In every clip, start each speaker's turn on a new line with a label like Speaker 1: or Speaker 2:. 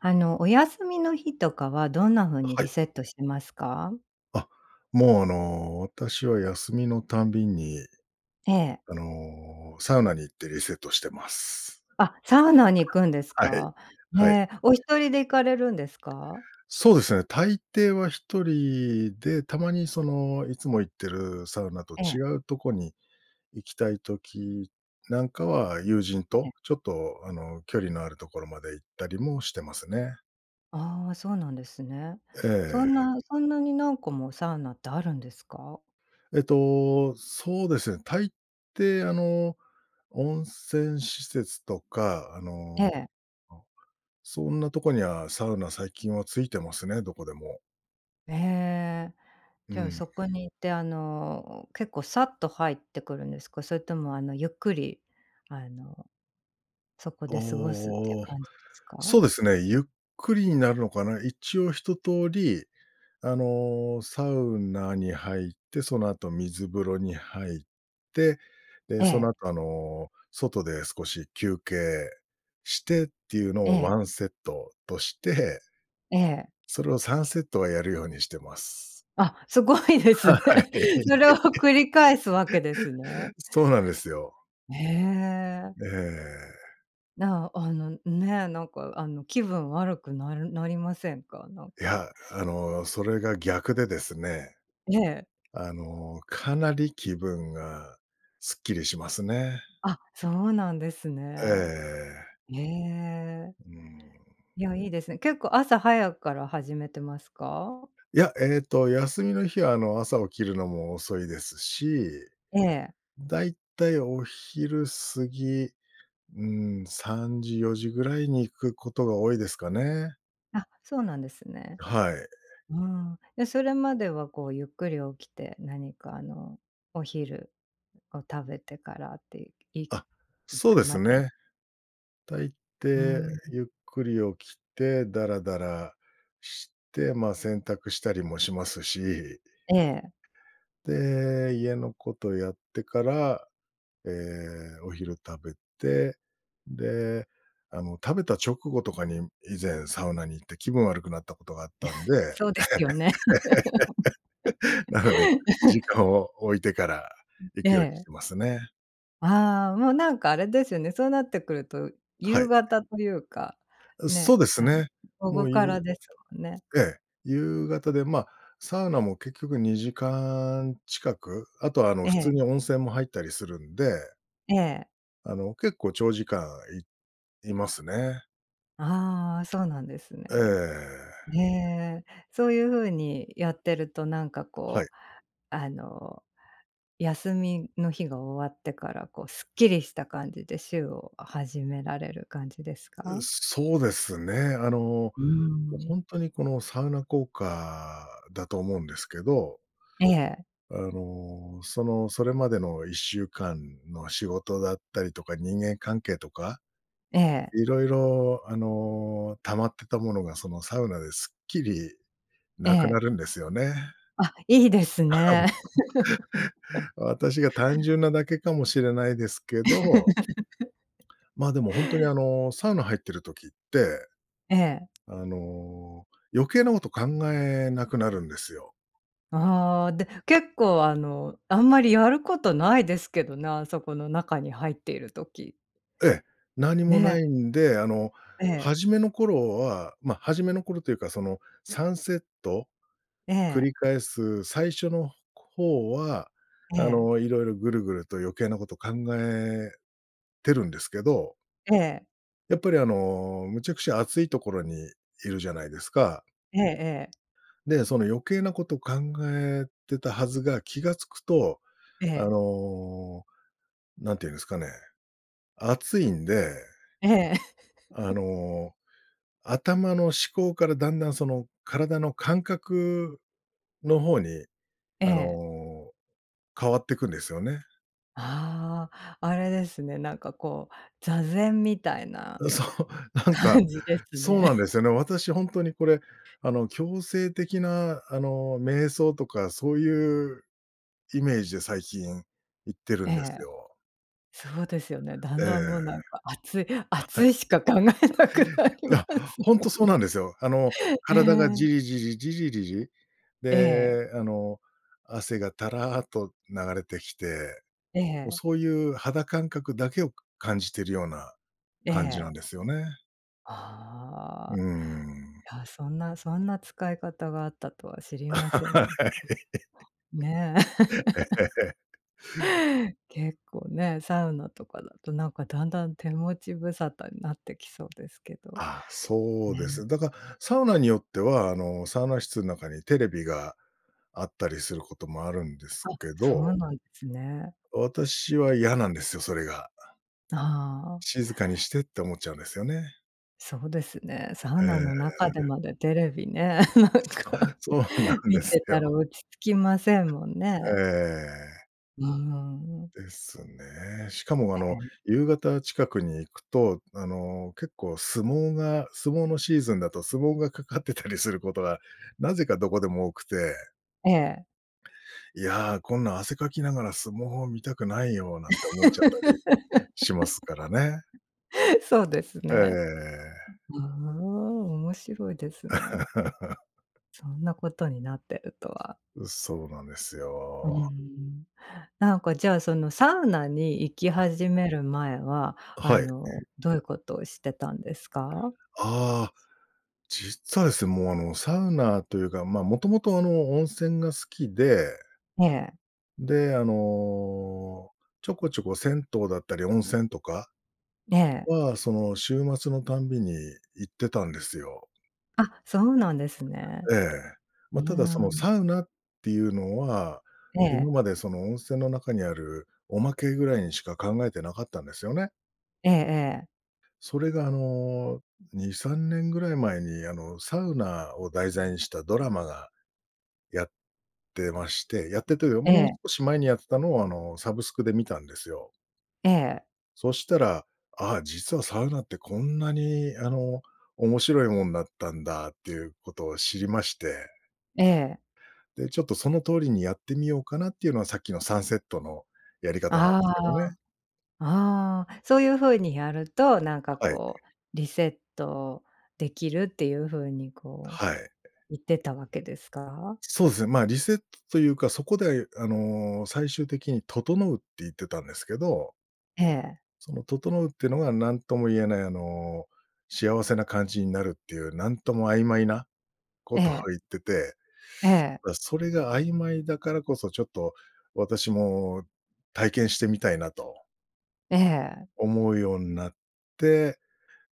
Speaker 1: あの、お休みの日とかはどんな風に
Speaker 2: はい。
Speaker 1: リセットしてますか？
Speaker 2: あ、もうあの、私は休みのたんびに。
Speaker 1: ええ。
Speaker 2: あの、サウナに行ってリセットしてます。
Speaker 1: あ、サウナに行くんで
Speaker 2: [unintelligible]
Speaker 1: す
Speaker 2: はい、
Speaker 1: か？へ
Speaker 2: はい。
Speaker 1: え、お1人で行かれるんですか？
Speaker 2: そうですね。大抵は一人で、たまにその、いつも行ってるサウナと
Speaker 1: ええ。
Speaker 2: 違うとこに行きたい時なんかは友人
Speaker 1: ええ。
Speaker 2: と、ちょっとあの、距離のあるところまで行ったりもしてますね。
Speaker 1: ああ、そうなんですね。
Speaker 2: え
Speaker 1: そん
Speaker 2: え。
Speaker 1: なそんなに何個もサウナってあるんですか？
Speaker 2: えっと、そうですね。大抵あの、温泉施設とかあ
Speaker 1: え
Speaker 2: の、
Speaker 1: え。
Speaker 2: そんなとこにはサウナ最近はついてますね、どこでも。
Speaker 1: ええ。
Speaker 2: う
Speaker 1: じゃあ
Speaker 2: ん。
Speaker 1: そこに行ってあの、結構さっと入ってくるんですか？それともあの、ゆっくり、あの、そこで過ごすっていう
Speaker 2: おお、
Speaker 1: 感じですか？
Speaker 2: そうですね、ゆっくりになるのかな？一応一通り、あの、サウナに入って、その後水風呂に入って、
Speaker 1: え
Speaker 2: で、その
Speaker 1: え。
Speaker 2: 後あの、外で少し休憩してっていうの
Speaker 1: え
Speaker 2: をワ
Speaker 1: え。
Speaker 2: ンセットとして、
Speaker 1: ええ。
Speaker 2: それを3セットはやるようにしてます。
Speaker 1: あ、すごいです
Speaker 2: は、
Speaker 1: ね。
Speaker 2: はい。
Speaker 1: それを繰り返すわけです ね。
Speaker 2: そうなんですよ。
Speaker 1: へえ。
Speaker 2: ええ。
Speaker 1: なあの、ね、なんかあの気分悪くなるなりませんか？なん
Speaker 2: い
Speaker 1: か。
Speaker 2: や、あの、それが逆でですね。
Speaker 1: ええ。
Speaker 2: あの、かなり気分がすっきりしますね。
Speaker 1: あ、そうなんです
Speaker 2: え
Speaker 1: ね。
Speaker 2: え。
Speaker 1: へえ。
Speaker 2: うーん。
Speaker 1: いや、いいですね。結構朝早くから始めてますか？
Speaker 2: いや、えっと、休みの日はあの、朝起きるのも遅いですし、
Speaker 1: ええ。
Speaker 2: だいたいお昼過ぎ、うーん3時4時ぐらいに行くことが多いですかね。
Speaker 1: あ、そうなんですね。
Speaker 2: はい。
Speaker 1: うん。で、それまではこう、ゆっくり起きて何かあの、お昼を食べてからって、い
Speaker 2: あ、
Speaker 1: 行
Speaker 2: そう
Speaker 1: く
Speaker 2: です
Speaker 1: まで？
Speaker 2: ね。大
Speaker 1: う
Speaker 2: 抵
Speaker 1: ん。
Speaker 2: ゆっくり起きて、ダラダラして、ま、洗濯したりもしますし
Speaker 1: ええ。
Speaker 2: で、家のことやってから、ええ、お昼食べて、で、あの食べた直後とかに、以前サウナに行って気分悪くなったことがあったん で。
Speaker 1: そうですよね。
Speaker 2: なので、時間 を置いてから
Speaker 1: ん、
Speaker 2: 行
Speaker 1: え
Speaker 2: くようにし
Speaker 1: え。
Speaker 2: てますね。
Speaker 1: ああ、もうなんかあれですよね、そうなってくると、
Speaker 2: は
Speaker 1: 夕
Speaker 2: い。
Speaker 1: 方というか、
Speaker 2: う、そ
Speaker 1: ね、
Speaker 2: うです
Speaker 1: あの、
Speaker 2: ね。
Speaker 1: 午
Speaker 2: も
Speaker 1: 後
Speaker 2: う、
Speaker 1: か
Speaker 2: ゆ
Speaker 1: らですもんね。
Speaker 2: ええ、夕方
Speaker 1: ん。
Speaker 2: で、ま、サウナも結局2時間近く、あとはあの
Speaker 1: え
Speaker 2: 普通
Speaker 1: え。
Speaker 2: に温泉も入ったりするんで
Speaker 1: ええ。
Speaker 2: あの、結構長時間い居ますね。
Speaker 1: ああ、そうなんですね。
Speaker 2: ええ。
Speaker 1: へえ。そういう風にやってるとなんか
Speaker 2: はい。
Speaker 1: こう、あの、休みの日が終わってからこう、スッキリした感じで週を始められる感じですか？
Speaker 2: うそうですね、あの、も
Speaker 1: うー
Speaker 2: う
Speaker 1: ん。
Speaker 2: ほんとにこの、サウナ効果だと思うんですけど
Speaker 1: ええ。
Speaker 2: あの、その、それまでの1週間の仕事だったりとか、人間関係とか。
Speaker 1: ええ。
Speaker 2: 色々あの、溜まってたものが、そのサウナですっきり
Speaker 1: え
Speaker 2: 無くな
Speaker 1: え。
Speaker 2: るんですよね。
Speaker 1: あ、いいですね。
Speaker 2: 私が単 純なだけかもしれないですけど ま、でもほんとにあの、サウナ入ってる時って、
Speaker 1: ええ。
Speaker 2: あの、余計なこと考えなくなるんですよ。
Speaker 1: ああ、で、結構あの、あんまりやることないですけどね、あそこの中に入っている時。
Speaker 2: ええ、何もな
Speaker 1: ね。
Speaker 2: いんで、あの、
Speaker 1: ええ。
Speaker 2: 始めの頃は、ま、始めの頃というかその3セット？
Speaker 1: え
Speaker 2: 繰
Speaker 1: え。
Speaker 2: り返す最初の方は、
Speaker 1: え
Speaker 2: あ
Speaker 1: え。
Speaker 2: の、色々ぐるぐると余計なこと考えてるんですけど
Speaker 1: ええ。
Speaker 2: やっぱりあの、むちゃくちゃ熱いところにいるじゃないですか。
Speaker 1: ええええ。
Speaker 2: で、その余計なこと考えてたはずが気が付くと、
Speaker 1: え
Speaker 2: あ
Speaker 1: え。
Speaker 2: の、何て言うんですかね。熱いんで、
Speaker 1: ええ。
Speaker 2: あ の、頭の思考からだんだんその、体の感覚の方に、
Speaker 1: え
Speaker 2: あ
Speaker 1: え。
Speaker 2: の、変わってくんですよね。
Speaker 1: ああ、あれですね、なんかこう、座禅みたいな
Speaker 2: そう、なんか、
Speaker 1: 感じです
Speaker 2: そう
Speaker 1: ね。
Speaker 2: なんです よね。私ほんとにこれ、あの、強制的なあの、瞑想とかそういうイメージで最近行ってる
Speaker 1: え
Speaker 2: んで
Speaker 1: え。
Speaker 2: すよ。
Speaker 1: そうですよね、だ
Speaker 2: え
Speaker 1: ん
Speaker 2: え。
Speaker 1: だん、もうなんか熱い
Speaker 2: あ、は
Speaker 1: 熱
Speaker 2: い。
Speaker 1: いしか考えなくなり
Speaker 2: いや、
Speaker 1: ます
Speaker 2: ほん
Speaker 1: も
Speaker 2: と
Speaker 1: ん
Speaker 2: そう
Speaker 1: ね。
Speaker 2: なんですよ。あの、
Speaker 1: え
Speaker 2: 体がジ
Speaker 1: え。
Speaker 2: リジリ、ジリリリ、
Speaker 1: ええ。
Speaker 2: で、あの、汗がたらっと流れてきて、
Speaker 1: え
Speaker 2: もう、
Speaker 1: え。
Speaker 2: そういう肌感覚だけをか感じてるような、
Speaker 1: え
Speaker 2: 感じなん
Speaker 1: え。
Speaker 2: ですよね。う
Speaker 1: あ
Speaker 2: ー
Speaker 1: あ、
Speaker 2: ん。
Speaker 1: いや、そんなそんな使い方があったとは知 りませ
Speaker 2: は
Speaker 1: ん。
Speaker 2: い。
Speaker 1: ね。結構ね、サウナとかだとなんか、だんだん手持ち無沙汰になってきそうですけど
Speaker 2: あ、そうで
Speaker 1: ね。
Speaker 2: す。だか、サウナによっては、あの、サウナ室ん中にテレビがあったりすることもあるんです
Speaker 1: あ、
Speaker 2: け
Speaker 1: そう
Speaker 2: ど。
Speaker 1: なんですね。
Speaker 2: 私は嫌なんですよ、それが。
Speaker 1: ああ。
Speaker 2: 静かにしてって思っちゃうんですよね。
Speaker 1: そうですね。サウ
Speaker 2: え
Speaker 1: ナの
Speaker 2: え。
Speaker 1: 中でまでテレビね、なんか、
Speaker 2: そうなんで
Speaker 1: 見
Speaker 2: す
Speaker 1: てたら
Speaker 2: よ。
Speaker 1: 落ち着きませんもん
Speaker 2: え
Speaker 1: ね。
Speaker 2: え。
Speaker 1: ああ、うん。
Speaker 2: ですね。しかも、あ
Speaker 1: は
Speaker 2: の、
Speaker 1: い。
Speaker 2: 夕方近くに行くと、あの、結構相撲が、相撲のシーズンだと相撲がかかってたりすることがなぜかどこでも多くて
Speaker 1: ええ。
Speaker 2: 「いや、こんな汗かきながら相撲を見たくないよ」なんて思っちゃったりしますからね。
Speaker 1: そうです
Speaker 2: え
Speaker 1: ね。
Speaker 2: え。
Speaker 1: ううーん、面白いですね。そんなことになってるとは。
Speaker 2: う、そうなんです
Speaker 1: うー
Speaker 2: よ。
Speaker 1: ん。なんか、じゃあ、そのサウナに行き
Speaker 2: あ。
Speaker 1: 始める前は、
Speaker 2: あ、
Speaker 1: あ
Speaker 2: はい。
Speaker 1: の、どういうことをしてたんですか？
Speaker 2: あ、実はですね、もう、あの、サウナというか、まあ、もともとあの、温泉が好きで。
Speaker 1: ええ。
Speaker 2: で、あの、ちょこちょこ銭湯だったり温泉とか
Speaker 1: ええ。
Speaker 2: は、その週末のたんびに行ってたんですよ。
Speaker 1: あ、そうなんですね。
Speaker 2: ええ。
Speaker 1: う
Speaker 2: ま、ただそ
Speaker 1: ー
Speaker 2: の
Speaker 1: ん。
Speaker 2: サウナっていうのは、
Speaker 1: え
Speaker 2: 今
Speaker 1: え。
Speaker 2: までその温泉の中にあるおまけぐらいにしか考えてなかったんですよね。
Speaker 1: ええええ。
Speaker 2: それがあの、2、3年ぐらい前に、あの、サウナを題材にしたドラマが、やってましてやってて、よ
Speaker 1: え
Speaker 2: もう
Speaker 1: え。
Speaker 2: 少し前にやってたのを、あの、サブスクで観たんですよ。
Speaker 1: ええ。
Speaker 2: そしたら、あ、実はサウナってこんなに、あの、面白いもんだったんだっていうことを知りまして。
Speaker 1: ええ。
Speaker 2: で、ちょっとその通りにやってみようかなっていうのは、さっきの3セットのやり方なんで
Speaker 1: あ
Speaker 2: すけど
Speaker 1: あ。
Speaker 2: ね。
Speaker 1: あ、そういう風にやると、なんか
Speaker 2: はい。
Speaker 1: こう、リセットできるっていう風にこう、
Speaker 2: はい。
Speaker 1: 言ってたわけですか？
Speaker 2: そうすね、まあ、リセットというか、そこであの、最終的に「整う」って言ってたんですけど。
Speaker 1: ええ。
Speaker 2: その「整う」ってのが、何とも言えないあの、幸せな感じになるっていう、何とも曖昧なこ
Speaker 1: え
Speaker 2: とを
Speaker 1: え。
Speaker 2: 言ってて。
Speaker 1: ええ。
Speaker 2: だ、それが曖昧だからこそ、ちょっと私も体験してみたいなと。
Speaker 1: ええ。
Speaker 2: 思うようなって、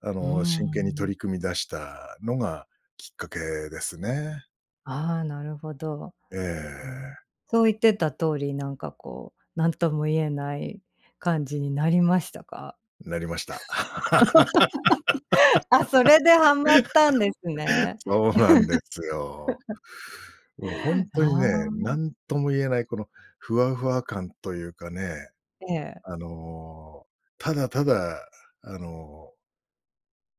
Speaker 2: あ
Speaker 1: うー
Speaker 2: の、真剣に取
Speaker 1: ん。
Speaker 2: り組み出したのがきっかけですね。
Speaker 1: ああ、なるほど。
Speaker 2: え
Speaker 1: うん、
Speaker 2: え。
Speaker 1: そう言ってた通り、なんかこう、何とも言えない感じになりましたか？
Speaker 2: なりました。
Speaker 1: あ、それでハマったんです ね。
Speaker 2: そうなんですよ。もうほん とに
Speaker 1: あ
Speaker 2: ね、
Speaker 1: あ。
Speaker 2: 何とも言えないこのふわふわ感というかね、
Speaker 1: ええ。
Speaker 2: あの、ただただ、あの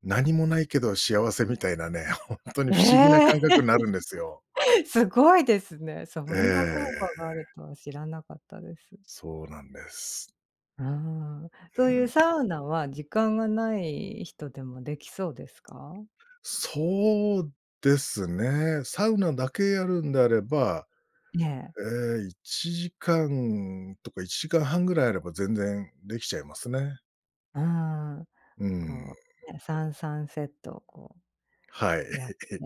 Speaker 2: 何もないけど幸せみたいなね、ほんとに
Speaker 1: え
Speaker 2: 不思議な
Speaker 1: え！
Speaker 2: 感覚なるんですよ。
Speaker 1: すごいですね。そ
Speaker 2: え
Speaker 1: んな効
Speaker 2: え。
Speaker 1: 果があるとは知らなかったです。
Speaker 2: そうなんです。
Speaker 1: うん。
Speaker 2: う
Speaker 1: そういう
Speaker 2: ん。
Speaker 1: サウナは時間がない人でもできそうですか？
Speaker 2: そうですね。サウナだけやるんであれば、
Speaker 1: ええ。
Speaker 2: ええ、1時間とか1時間半ぐらいあれば全然できちゃいますね。
Speaker 1: ああ、
Speaker 2: うーん。
Speaker 1: こう、ね、3-3セットをこ
Speaker 2: はい。
Speaker 1: うやって、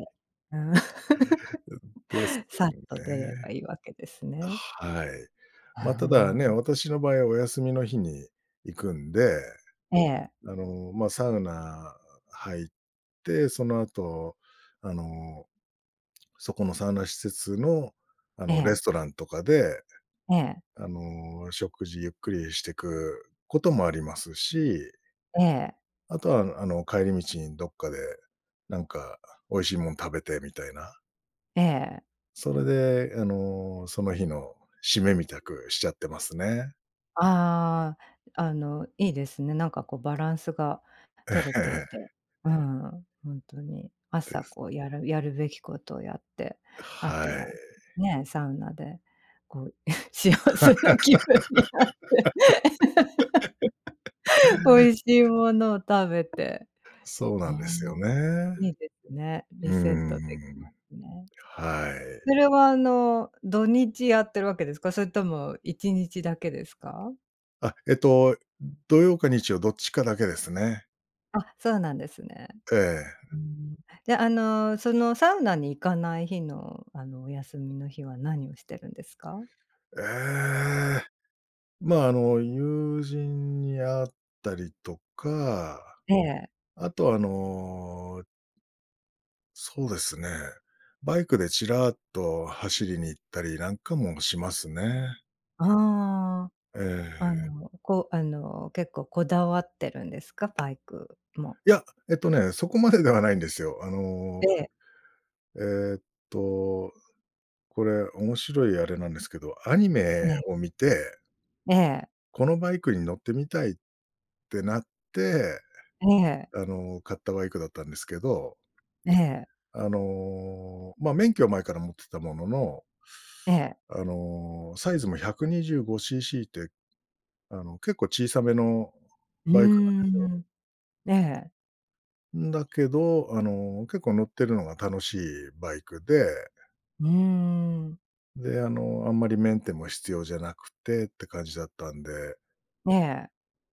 Speaker 2: うん、です
Speaker 1: さっと出れ
Speaker 2: ね。
Speaker 1: ばいいわけですね。
Speaker 2: はい。
Speaker 1: う
Speaker 2: まあ、ただ
Speaker 1: ー
Speaker 2: ね、
Speaker 1: ん。
Speaker 2: 私の場合はお休みの日に行くんで、
Speaker 1: ええ。
Speaker 2: あの、まあ、サウナ入って、その後あの、そこのサウナ施設の、あ
Speaker 1: え
Speaker 2: の、レ
Speaker 1: え。
Speaker 2: ストランとかで、
Speaker 1: ええ。
Speaker 2: あの、食事ゆっくりしてくこともありますし
Speaker 1: ええ。
Speaker 2: あとは、あのあの帰り道にどっかで、なんか美味しいもん食べてみたいな？
Speaker 1: ええ。
Speaker 2: それで、あの、その日の締めみたくしちゃってますね。
Speaker 1: ああ。あの、いいですね。なんかこう、バランスが
Speaker 2: え
Speaker 1: 取れていて。
Speaker 2: え。
Speaker 1: うん、に。
Speaker 2: で
Speaker 1: 朝
Speaker 2: す。
Speaker 1: こう、やるやるべきことをやって、あと
Speaker 2: はい。
Speaker 1: はね、サウナでこう、幸せな気分になって。美味しいものを食べて。
Speaker 2: そうなんで
Speaker 1: ああ、
Speaker 2: すよね。
Speaker 1: いいですね。リセッ
Speaker 2: うー
Speaker 1: トできま
Speaker 2: ん。
Speaker 1: すね。
Speaker 2: はい。
Speaker 1: それは、あの、土日やってるわけですか？それとも一日だけですか？
Speaker 2: あ、えっと、土曜か日曜どっちかだけですね。
Speaker 1: あ、そうなんですね。
Speaker 2: え
Speaker 1: う
Speaker 2: え。
Speaker 1: ーん。じゃ、あの、そのサウナに行かない日の、あの、お休みの日は何をしてるんですか？
Speaker 2: ええ。まあ、あの友人に会ったりとか。
Speaker 1: ええ。
Speaker 2: あと、あのそうですね。バイクでちらっと走りに行ったりなんかもしますね。
Speaker 1: あ
Speaker 2: え
Speaker 1: あ、あ
Speaker 2: え。
Speaker 1: の、こうあの、結構こだわってるんですか？バイクも。
Speaker 2: いや、えっとね、そこまでではないんですよ。あ
Speaker 1: え
Speaker 2: の
Speaker 1: え。
Speaker 2: えっとこれ面白いあれなんですけど、アニ
Speaker 1: え
Speaker 2: メ
Speaker 1: え。
Speaker 2: を見て
Speaker 1: ええ。
Speaker 2: このバイクに乗ってみたいってなって、
Speaker 1: ええ。
Speaker 2: あの、買ったバイクだったんですけど
Speaker 1: ええ。
Speaker 2: あの、まあ、免許は前から持ってたものの
Speaker 1: ええ。
Speaker 2: あの、サイズも125ccって。あの、結構小さめの
Speaker 1: うー
Speaker 2: バイクなんですよ。
Speaker 1: ん、ええ。
Speaker 2: うん、だけど、あの、結構乗ってるのが楽しいバイクで
Speaker 1: うーん。
Speaker 2: で、あの、あんまりメンテも必要じゃなくてって感じだったんで
Speaker 1: ええ。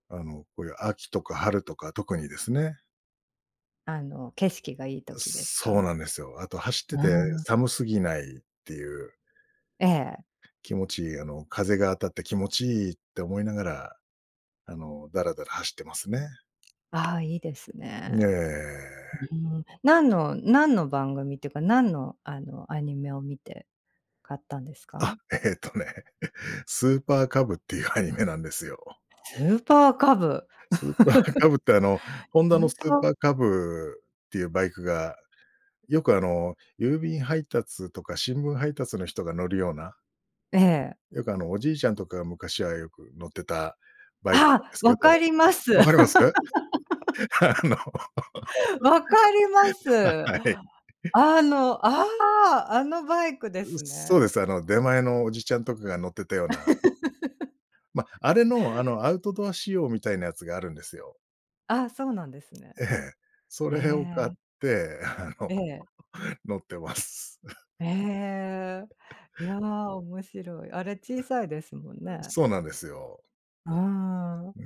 Speaker 2: あのこういう秋とか春とか特にですね。
Speaker 1: あの、景色がいい時です
Speaker 2: そう
Speaker 1: か？
Speaker 2: なんですよ。あと走って
Speaker 1: あ
Speaker 2: て
Speaker 1: あ。
Speaker 2: 寒すぎないっていう。
Speaker 1: ええ。
Speaker 2: 気持ちいいあの風が当たって気持ちいいって思いながら、あの、ダラダラ走ってますね。
Speaker 1: あ、いいです
Speaker 2: ね
Speaker 1: ね。
Speaker 2: え。
Speaker 1: うーん、何の何の番組っていうか、何の、あの、アニメを見て買ったんですか？
Speaker 2: あ、えっとね、え、スーパーカブっていうアニメなんですよ。
Speaker 1: スーパーカブ。
Speaker 2: スーパーカブってあの、ホン
Speaker 1: ス
Speaker 2: ダの
Speaker 1: ー
Speaker 2: スー
Speaker 1: パー
Speaker 2: パーカブっていうバイクが、よく、あの、郵便配達とか新聞配達の人が乗るような
Speaker 1: ええ。
Speaker 2: よくあのおじいちゃんとかが昔はよく乗ってたバイクなんで
Speaker 1: あ、
Speaker 2: すけ
Speaker 1: 分か
Speaker 2: ど、
Speaker 1: ります。
Speaker 2: わかります？あの、
Speaker 1: 分かりま
Speaker 2: は
Speaker 1: す。
Speaker 2: い。
Speaker 1: あのああ、あのバイクで
Speaker 2: う
Speaker 1: す
Speaker 2: そうで
Speaker 1: ね。
Speaker 2: す、あの出前のおじちゃんとかが乗ってたような ま、あれのあの、アウトドア仕様みたいなやつがあるんですよ。
Speaker 1: あ、そうなんですね。
Speaker 2: ええ。それを買っ
Speaker 1: え。
Speaker 2: て、あの、
Speaker 1: ええ。
Speaker 2: 乗ってます。
Speaker 1: え、いや、面白い。あれ
Speaker 2: え。
Speaker 1: 小さいですもん
Speaker 2: う、
Speaker 1: ね。
Speaker 2: そうなんですよ。
Speaker 1: うーん。
Speaker 2: うー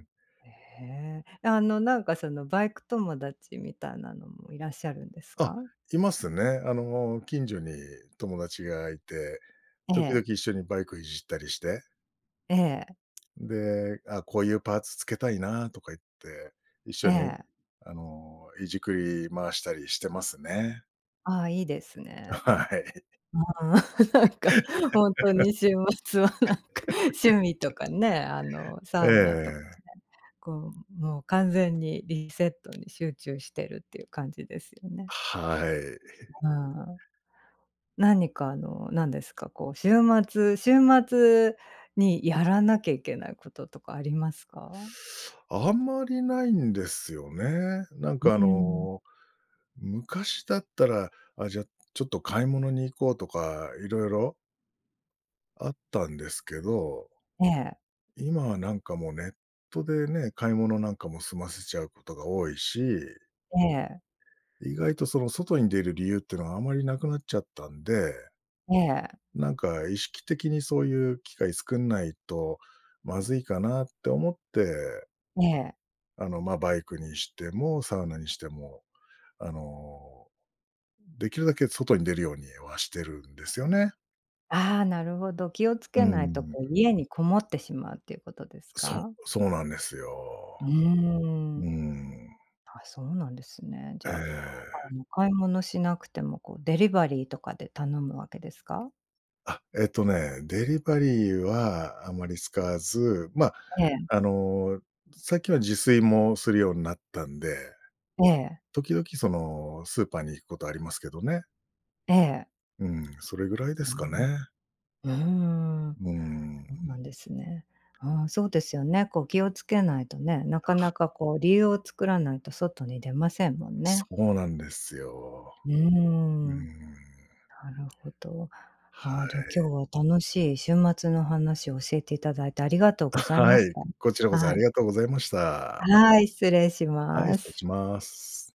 Speaker 2: ん。
Speaker 1: へ。え、あのなんかそのバイク友達みたいなのもいらっしゃるんです
Speaker 2: あ、
Speaker 1: か？
Speaker 2: いますね。あの、近所に友達がいて、
Speaker 1: え
Speaker 2: 時々
Speaker 1: え。
Speaker 2: 一緒にバイクいじったりして
Speaker 1: ええ。
Speaker 2: で、あ、こういうパーツ付けたいなとか言って、一緒
Speaker 1: え
Speaker 2: に
Speaker 1: え。
Speaker 2: あの、いじくり回したりしてますね。
Speaker 1: ああ、いいですね。
Speaker 2: はい。
Speaker 1: うん、なんかほんとに週末はなんか、趣味と かね、あの
Speaker 2: え
Speaker 1: サウナとかね、
Speaker 2: え。
Speaker 1: こう、もう完全にリセットに集中してるっていう感じですよね。
Speaker 2: はい。
Speaker 1: うん。何かあの、何ですか、こう週末週末にやらなきゃいけないこととかありますか？
Speaker 2: あんまりないんですよね。なん
Speaker 1: う
Speaker 2: かあ
Speaker 1: ーん。
Speaker 2: の、昔だったら、あ、じゃ、ちょっと買い物に行こうとか色々あったんですけど
Speaker 1: ええ。
Speaker 2: 今はなんかもう、ネットでね、買い物なんかも済ませちゃうことが多いし
Speaker 1: ええ。
Speaker 2: 意外とその外に出る理由っていうのはあまりなくなっちゃったんで
Speaker 1: ええ。
Speaker 2: なんか意識的にそういう機会作んないとまずいかなって思って
Speaker 1: ねえ。
Speaker 2: あの、ま、バイクにしてもサウナにしても、あの、できるだけ外に出るようには、してるんですよね。
Speaker 1: ああ、なるほど。気をつ
Speaker 2: うん
Speaker 1: け
Speaker 2: うん
Speaker 1: な
Speaker 2: う
Speaker 1: いと、
Speaker 2: ん。
Speaker 1: こう、家にこもってしまうということです
Speaker 2: そ
Speaker 1: か？
Speaker 2: そうなんです
Speaker 1: うー
Speaker 2: よ。うー
Speaker 1: ん。
Speaker 2: ん。
Speaker 1: あ、そうなんですね。じ
Speaker 2: え
Speaker 1: ゃあ、あ
Speaker 2: え。
Speaker 1: の、買い物しなくても、こう、デリバリーとかで頼むわけですか？
Speaker 2: あ、えっとね、デリバリーはあまり使わず、ま、
Speaker 1: ええ。
Speaker 2: あの、最近は自炊もするようになったんで。
Speaker 1: ええ。
Speaker 2: 時々その、スーパーに行くことありますけどね。
Speaker 1: ええ。
Speaker 2: うん、それぐらいで
Speaker 1: う
Speaker 2: すか
Speaker 1: ん。
Speaker 2: ね。
Speaker 1: うーん。
Speaker 2: うーん。
Speaker 1: そうなんですね。ああ、そうですよね。こう、気をつけないとね。なかなかこう、理由を作らないと外に出ませんもん
Speaker 2: そ
Speaker 1: ね。
Speaker 2: うなんですよ。
Speaker 1: うー
Speaker 2: うー
Speaker 1: ん。
Speaker 2: ん。
Speaker 1: なるほど。
Speaker 2: は
Speaker 1: ああ、じゃ、
Speaker 2: い。
Speaker 1: 今日は楽しい週末の話を教えていただいてありがとうござい ま
Speaker 2: は
Speaker 1: し
Speaker 2: い。
Speaker 1: た。
Speaker 2: こちらこそ
Speaker 1: は
Speaker 2: あり
Speaker 1: い。
Speaker 2: がとうございました。
Speaker 1: はい。失礼し
Speaker 2: はい。
Speaker 1: ま
Speaker 2: 失礼
Speaker 1: す。
Speaker 2: します。